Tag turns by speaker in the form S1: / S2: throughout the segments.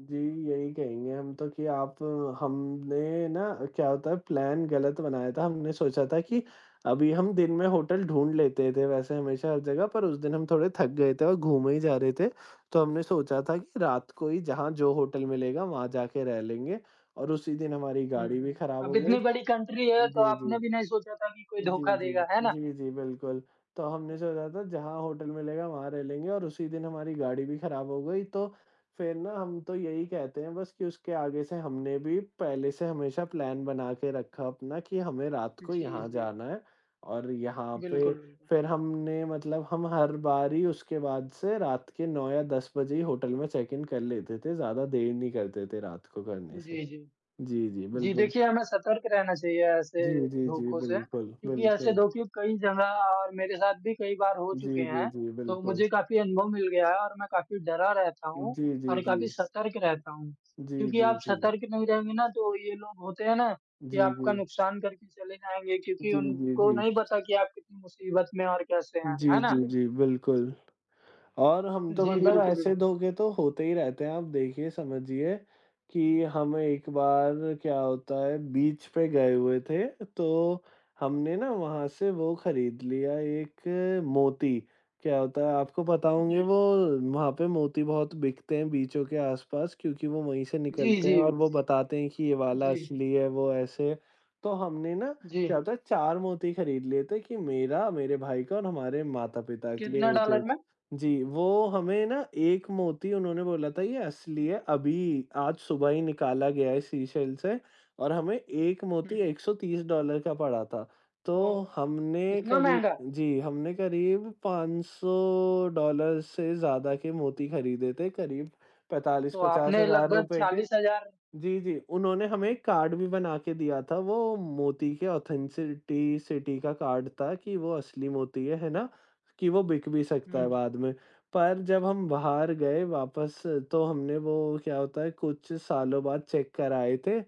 S1: जी, यही कहेंगे हम तो कि आप हमने ना क्या होता है प्लान गलत बनाया था। हमने सोचा था कि अभी हम दिन में होटल ढूँढ लेते थे वैसे हमेशा हर जगह पर उस दिन हम थोड़े थक गए थे और घूमे ही जा रहे थे। तो हमने सोचा था कि रात को ही जहाँ जो होटल मिलेगा, वहाँ जाके रह लेंगे और उसी दिन हमारी
S2: हुँ,
S1: गाड़ी भी
S2: हुँ।
S1: खराब
S2: अब
S1: हो गई।
S2: इतनी बड़ी कंट्री है तो
S1: जी, जी,
S2: आपने भी नहीं सोचा था कि कोई
S1: जी,
S2: धोखा
S1: जी,
S2: देगा। है ना?
S1: जी, जी, बिल्कुल। तो हमने
S2: तो
S1: सोचा था जहाँ होटल मिलेगा, वहाँ रह लेंगे और उसी दिन हमारी गाड़ी भी खराब हो गई तो फिर ना हम तो यहीं कहते हैं बस कि उसके आगे से हमने भी पहले से हमेशा प्लान बना के रखा अपना कि हमें रात को
S2: जी,
S1: यहाँ
S2: जी।
S1: जाना है और यहाँ पे
S2: बिल्कुल, बिल्कुल।
S1: फिर हमने मतलब हम हर बार ही उसके बाद से रात के 9 या 10 बजे ही होटल में चैक इन कर लेते थे। ज़्यादा देर नहीं करते थे रात को करने से।
S2: जी, जी।
S1: जी, जी,
S2: जी,
S1: बिल्कुल।
S2: देखिए, हमें सतर्क रहना चाहिए ऐसे
S1: जी, जी, जी,
S2: धोखों से,
S1: बिल्कुल,
S2: क्योंकि ऐसे
S1: बिल्कुल।
S2: धोखे कई जगह और मेरे साथ भी कई बार हो चुके
S1: जी, जी,
S2: हैं।
S1: जी,
S2: तो
S1: बिल्कुल।
S2: मुझे काफ़ी अनुभव मिल गया है और मैं काफ़ी डरा रहता हूँ
S1: जी, जी,
S2: और काफ़ी
S1: जी।
S2: सतर्क रहता हूँ,
S1: जी,
S2: क्योंकि
S1: जी,
S2: आप
S1: जी।
S2: सतर्क नहीं रहेंगे ना तो ये लोग होते हैं ना, कि
S1: जी,
S2: आपका
S1: जी।
S2: नुकसान करके चले जाएँगे क्योंकि
S1: जी, जी,
S2: उनको
S1: जी।
S2: नहीं पता कि आप कितनी मुसीबत में और कैसे हैं। है
S1: जी,
S2: ना?
S1: जी, जी, बिल्कुल। और हम तो
S2: जी,
S1: मतलब
S2: बिल्कुल।
S1: ऐसे धोखे तो होते ही रहते हैं। आप देखिए, समझिए, कि हम एक बार क्या होता है बीच पे गए हुए थे तो हमने ना वहाँ से वो खरीद लिया एक मोती। क्या होता है, आपको पता होंगे
S2: जी।
S1: वो वहाँ पे मोती बहुत बिकतें हैं बीचों के आस-पास क्योंकि वो वहीं से
S2: जी,
S1: निकलते हैं
S2: जी,
S1: और वो
S2: जी,
S1: बताते हैं कि ये वाला
S2: जी।
S1: असली है, वो ऐसे। तो हमने ना क्या
S2: जी।
S1: होता है, 4 मोती खरीद लिए थे कि मेरा, मेरे भाई का और हमारे माता-पिता के
S2: कितना
S1: लिए एक
S2: डॉलर
S1: एक
S2: में?
S1: जी, वो हमें ना एक मोती उन्होंने बोला था, ये असली है, अभी आज सुबह ही निकाला गया है सीशेल से और हमें 1 मोती
S2: हुँ।
S1: $130 का पड़ा था। तो
S2: ओह!
S1: हमने
S2: इतना
S1: करीब
S2: महँगा?
S1: जी, हमने करीब $500 से ज़्यादा के मोती खरीदे थे करीब पैंतालीस
S2: तो
S1: पचास
S2: आपने
S1: हज़ार
S2: लगभग
S1: रुपये के।
S2: 40 हज़ार
S1: जी, जी, उन्होंने हमें एक कार्ड भी बना के दिया था, वो मोती के ऑथेंसिटी सिटी का कार्ड था कि वो असली मोती है, है ना? कि वो बिक भी सकता है
S2: हुँ।
S1: बाद में। पर जब हम बाहर गए वापस तो हमने वो क्या होता है कुछ सालों बाद चेक कराए थे,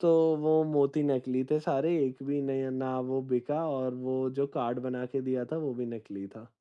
S1: तो वो मोती नकली थे सारे। एक भी नहीं ना वो बिका और वो जो कार्ड बना के दिया था, वो भी नकली था।